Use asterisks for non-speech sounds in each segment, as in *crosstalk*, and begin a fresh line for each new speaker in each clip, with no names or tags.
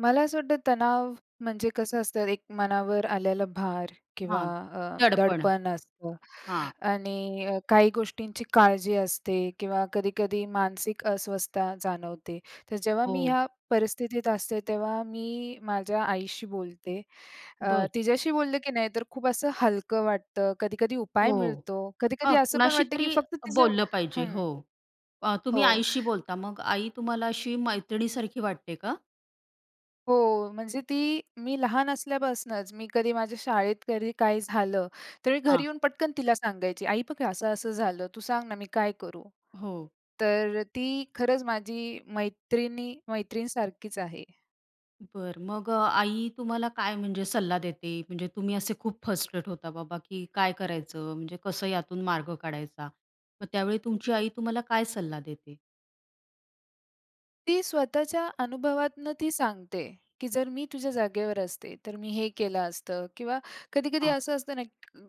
मला असं वाटतं तणाव म्हणजे कसं असतं एक मनावर आलेला भार किंवा
हां,
अ,
दडपण.
दडपण असतं.
हां.
आणि अ, काही गोष्टींची काळजी असते किंवा कधी-कधी मानसिक अस्वस्थता जाणवते. तर जेव्हा मी
हो.
ह्या परिस्थितीत असते, तेव्हा मी माझ्या आईशी बोलते. अ,
बरं.
तिच्याशी बोललं की नाही, तर खूप असं हलकं वाटतं, कधी-कधी उपाय
हो.
मिळतो. कधी-कधी
हां,
असं पण वाटतं की
कुणाशीतरी
फक्त तिचं
बोललं पाहिजे.
हं.
हो. अ, तुम्ही
हो.
आईशी बोलता, मग आई तुम्हाला अशी मैत्रिणीसारखी वाटते का?
हो. म्हणजे ती मी लहान असल्यापासनंच मी कधी माझ्या शाळेत कधी काही झालं, तर मी घरी
हां.
येऊन पटकन तिला सांगायची, "आई बघ हे असं-असं झालं, तू सांग ना मी काय करू?"
हो.
तर ती खरंच माझी मैत्रिणी मैत्रीणसारखीच आहे.
बरं. मग अ, आई तुम्हाला काय म्हणजे सल्ला देते? म्हणजे तुम्ही असे खूप फ्रस्ट्रेट होता बाबा की काय करायचं? म्हणजे कसं यातून मार्ग काढायचा? मग त्यावेळी तुमची आई तुम्हाला काय सल्ला देते?
ती स्वतःच्या अनुभवातनं ती सांगते, की जर मी तुझ्या जागेवर असते, तर मी हे केलं असतं. किंवा कधी-कधी
हां.
असं असतं ना,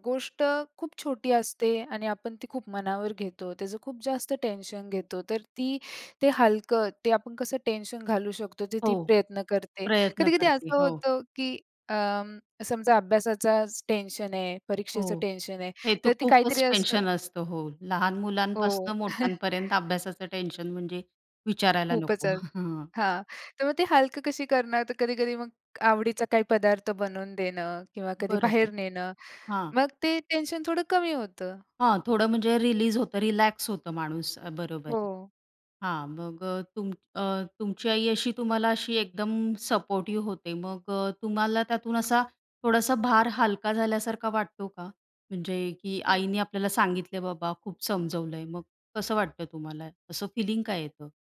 गोष्ट खूप छोटी असते आणि आपण ती खूप मनावर घेतो. त्याचं खूप जास्त टेन्शन घेतो. तर ती ते हलकं, ते आपण कसं टेन्शन घालू शकतो, ते
हो.
ती प्रयत्न करते.
प्रयत्न
कधी-कधी
करते.
असं
हो.
होतं, की अं, समजा अभ्यासाचाच टेन्शन आहे, परीक्षेचं
हो.
टेन्शन आहे.
हे तर
तर ती
खूपच
काहीतरी असं
टेन्शन असतं. हो. लहान मुलांपासून
हो.
मोठ्यांपर्यंत
*chuckles*
अभ्यासाचं टेन्शन म्हणजे, विचारायला
खूपच
नको.
अ
हां.
हां. तर मग ते हलकं कशी करणार? तर कधी-कधी मग, आवडीचा काही पदार्थ बनवून देणं किंवा कधी
बरोबर.
बाहेर नेणं.
हां.
मग ते टेन्शन थोडं कमी होतं.
हां, थोडं म्हणजे रिलीज होतं, रिलॅक्स होतं माणूस. बरोबर आहे.
हो.
हां. मग अ, तुम अ, तुमची आई अशी तुम्हाला अशी एकदम सपोर्टिव्ह होते. मग अ, तुम्हाला त्यातून असा थोडासा भार हलका झाल्यासारखा वाटतो का? म्हणजे की
खूप.
आईने आपल्याला सांगितलंय बाबा खूप समजवलंय. मग कसं वाटतं तुम्हाला? असं फिलिंग काय येतं?